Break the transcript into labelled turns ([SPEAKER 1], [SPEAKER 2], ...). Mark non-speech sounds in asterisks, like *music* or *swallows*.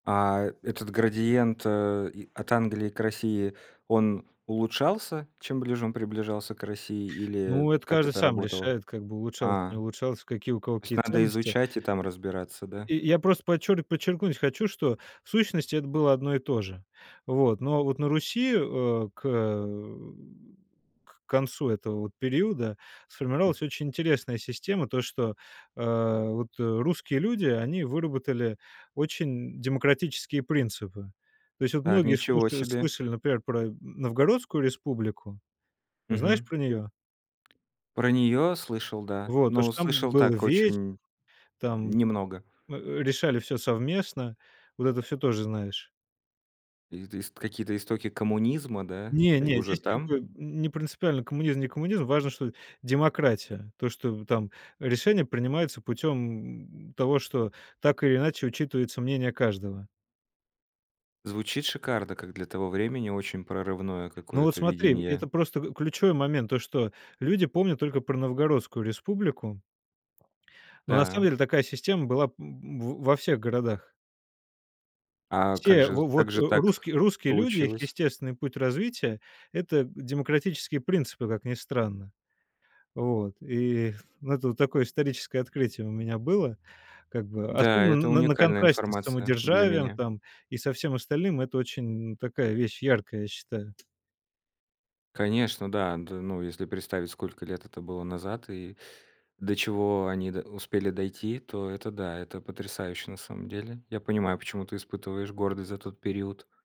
[SPEAKER 1] А, этот градиент, э, и от Англии к России, он улучшался, чем ближе он приближался к России? Или
[SPEAKER 2] Ну, это
[SPEAKER 1] как
[SPEAKER 2] каждый
[SPEAKER 1] это
[SPEAKER 2] сам
[SPEAKER 1] работало?
[SPEAKER 2] решает, как бы улучшалось- не
[SPEAKER 1] А.
[SPEAKER 2] улучшалось, какие, у кого
[SPEAKER 1] То есть
[SPEAKER 2] какие
[SPEAKER 1] надо
[SPEAKER 2] ценности.
[SPEAKER 1] изучать и там разбираться, да?
[SPEAKER 2] Я я просто подчер подчеркнуть хочу, что в сущности это было одно и то же. Вот, но вот на Руси, э, к, э, *grunts* к концу этого вот периода
[SPEAKER 1] М.
[SPEAKER 2] сформировалась очень интересная система: то, что, э, вот, э, русские люди, они выработали очень демократические принципы. То есть вот
[SPEAKER 1] А,
[SPEAKER 2] многие
[SPEAKER 1] ничего
[SPEAKER 2] слушали
[SPEAKER 1] себе.
[SPEAKER 2] слышали, например, про Новгородскую республику. Знаешь
[SPEAKER 1] Мгм.
[SPEAKER 2] про нее?
[SPEAKER 1] Про нее слышал, да.
[SPEAKER 2] Вот то,
[SPEAKER 1] Но
[SPEAKER 2] что там
[SPEAKER 1] слышал
[SPEAKER 2] был
[SPEAKER 1] так
[SPEAKER 2] вече
[SPEAKER 1] очень
[SPEAKER 2] там,
[SPEAKER 1] немного.
[SPEAKER 2] э, решали всё совместно, вот это всё тоже знаешь?
[SPEAKER 1] Это ист Какие-то истоки коммунизма, да? И
[SPEAKER 2] Не-не,
[SPEAKER 1] уже
[SPEAKER 2] здесь как
[SPEAKER 1] там?
[SPEAKER 2] бы не принципиально коммунизм- не коммунизм, важно, что демократия. То, что, м, там решение принимается путем, м, того, что так или иначе учитывается мнение каждого.
[SPEAKER 1] Звучит шикарно, как для того времени- очень прорывное
[SPEAKER 2] Ну вот
[SPEAKER 1] какое-то
[SPEAKER 2] смотри,
[SPEAKER 1] видение.
[SPEAKER 2] это просто, м, ключевой момент, то, что люди помнят только про Новгородскую республику. *swallows* Но на самом
[SPEAKER 1] Да.
[SPEAKER 2] деле такая система была, м, в во всех городах.
[SPEAKER 1] А как
[SPEAKER 2] Все
[SPEAKER 1] же
[SPEAKER 2] во вот
[SPEAKER 1] как же так
[SPEAKER 2] русские русские люди, их
[SPEAKER 1] получилось?
[SPEAKER 2] естественный путь развития- это демократические принципы, как ни странно. Вот, и это вот такое историческое открытие у меня было, как бы
[SPEAKER 1] Да, это
[SPEAKER 2] особенно н на
[SPEAKER 1] уникальная
[SPEAKER 2] контрасте с
[SPEAKER 1] информация для
[SPEAKER 2] самодержавием
[SPEAKER 1] меня.
[SPEAKER 2] там и со всем остальным. Это очень такая вещь яркая, я считаю.
[SPEAKER 1] Конечно, да. Д ну, если представить, сколько лет это было назад и до чего они до успели дойти, то это да, это потрясающе на самом деле. Я понимаю, почему ты испытываешь гордость за тот период.